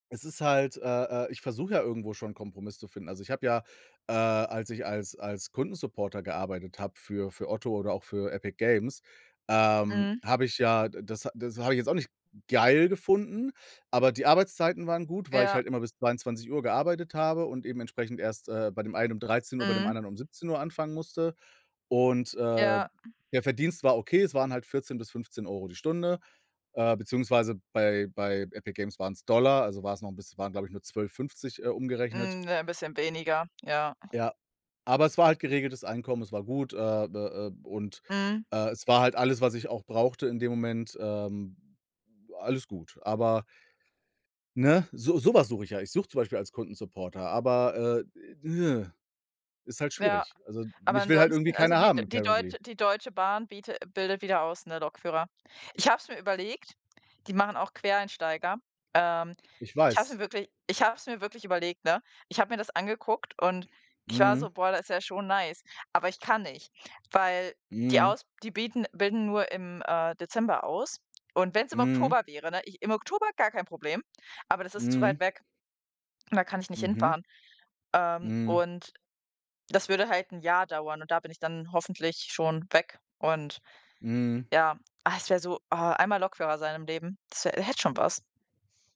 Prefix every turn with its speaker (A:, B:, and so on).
A: Es ist halt, äh, äh, ich versuche ja irgendwo schon, 'n Kompromiss zu finden. Also, ich habe ja äh, als ich als als Kundensupporter gearbeitet habe für für Otto oder auch für Epic Games, ähm,
B: Mhm.
A: habe ich ja das das habe ich jetzt auch nicht geil gefunden, aber die Arbeitszeiten waren gut, weil ich
B: Ja.
A: halt immer bis 22:00 gearbeitet habe und eben entsprechend erst, äh, bei dem einen um 13:00, bei dem
B: Mhm.
A: anderen um 17:00 anfangen musste. Und, äh,
B: Ja.
A: der Verdienst war okay, es waren halt 14 € bis 15 € die Stunde. Äh, beziehungsweise bei bei Epic Games waren es Dollar, also war es noch bisschen waren, glaube ich, nur 12,50, äh, umgerechnet.
B: Mhm. Ja, 'n bisschen weniger, ja.
A: Ja. Aber es war halt geregeltes Einkommen, es war gut, äh, d äh, und,
B: Mhm.
A: äh, es war halt alles, was ich auch brauchte in dem Moment ähm, alles gut. Aber ne? So so was suche ich ja. Ich suche zum Beispiel als Kundensupporter, aber, äh,, ist halt
B: Ja,
A: schwierig. Also,
B: aber
A: mich will halt irgendwie
B: ansonsten, also
A: keiner
B: die De
A: haben,
B: die
A: currently.
B: Deutsche die Deutsche Bahn biete bildet wieder aus, ne, Lokführer. Ich habe es mir überlegt, die machen auch Quereinsteiger. Ähm,
A: Ich
B: ich habe es mir
A: weiß.
B: wirklich ich habe es mir wirklich überlegt, ne? Ich hab mir das angeguckt und ich war so:
A: Mhm.
B: „Boah, da ist ja schon nice“, aber ich kann nicht, weil die
A: Mhm.
B: aus die bieten bilden nur im, äh, Dezember aus und wenn es im
A: Mhm.
B: Oktober wäre, ne? Ich im Oktober gar kein Problem, aber das ist zu weit
A: Mhm.
B: weg und da kann ich nicht
A: Mhm.
B: hinfahren, ähm,
A: Mhm.
B: und das würde halt 'n Jahr dauern und da bin ich dann hoffentlich schon weg und
A: Mhm.
B: ja. Ah, es wäre so ah, einmal Lokführer sein im Leben, das wäre hätte schon was.